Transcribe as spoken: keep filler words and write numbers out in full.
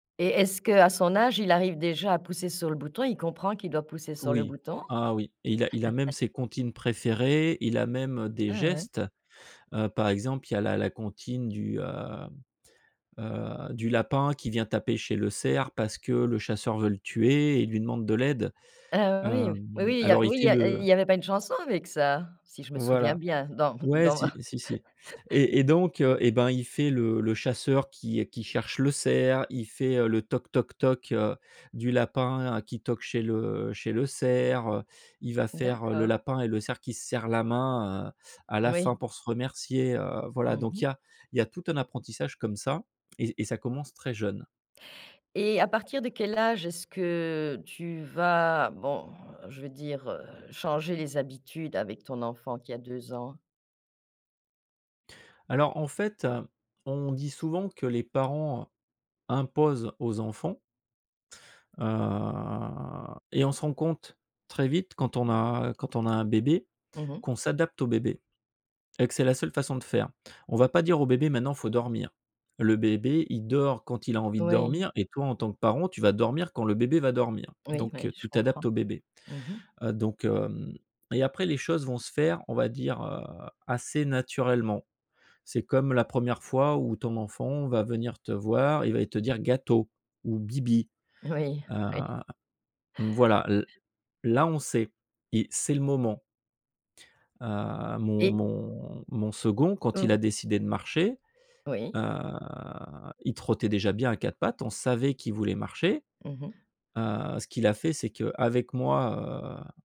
Et est-ce qu'à son âge, il arrive déjà à pousser sur le bouton? Il comprend qu'il doit pousser sur le Oui. bouton? Ah oui, il a il a même ses comptines préférées, il a même, des Ah ouais. gestes, heu, par exemple, il y a la la comptine du, heu heu du lapin qui vient taper chez le cerf. Parce que le chasseur veut le tuer et lui demande de l'aide, Ah oui. hem, Oui, oui, il y a alors il oui, il fait y a il le y avait pas une chanson avec ça, si je me souviens Voilà, bien, dans m ouais, dans si, ma si si et et donc heu et ben il fait le le chasseur qui est qui cherche le cerf. Il fait, heu, le toc, toc, toc, heu, du lapin qui toque chez le chez le cerf, heu, il va faire le D'accord. lapin et le cerf qui se sert la main, heu, à la fin Oui. pour se remercier, heu, voilà. Mmh Donc il mh. y a il y a tout un apprentissage comme ça et et ça commence très jeune. Et à partir de quel âge est-ce que tu vas bon, je veux dire, heu, changer les habitudes avec ton enfant qui a deux ans? Alors en fait, heu, on dit souvent que les parents imposent aux enfants heu et on se rend compte, très vite quand on a quand on a un bébé, Mmh mh. qu'on s'adapte au bébé et que c'est la seule façon de faire. On va pas dire au bébé: «Maintenant il faut dormir». Le bébé, il dort quand il a envie de Oui. dormir et toi en tant que parent, tu vas dormir quand le bébé va dormir. Oui, Donc oui, je tu comprends. t'adaptes au bébé, Mmh mh. heu, donc hem, et après les choses vont se faire, on va dire, heu, assez naturellement. C'est comme la première fois où ton enfant va venir te voir et il va te dire: «gâteau» ou «bibi», Oui, heu, oui. voilà l là, on sait i c'est le moment. Heu, mon Et mon mon second quand il a Mmh. décidé de marcher, heu, Oui. il trottait déjà bien à quatre pattes, on savait qu'il voulait marcher, Mmh mh. heu, ce qu'il a fait c'est qu'avec moi, heu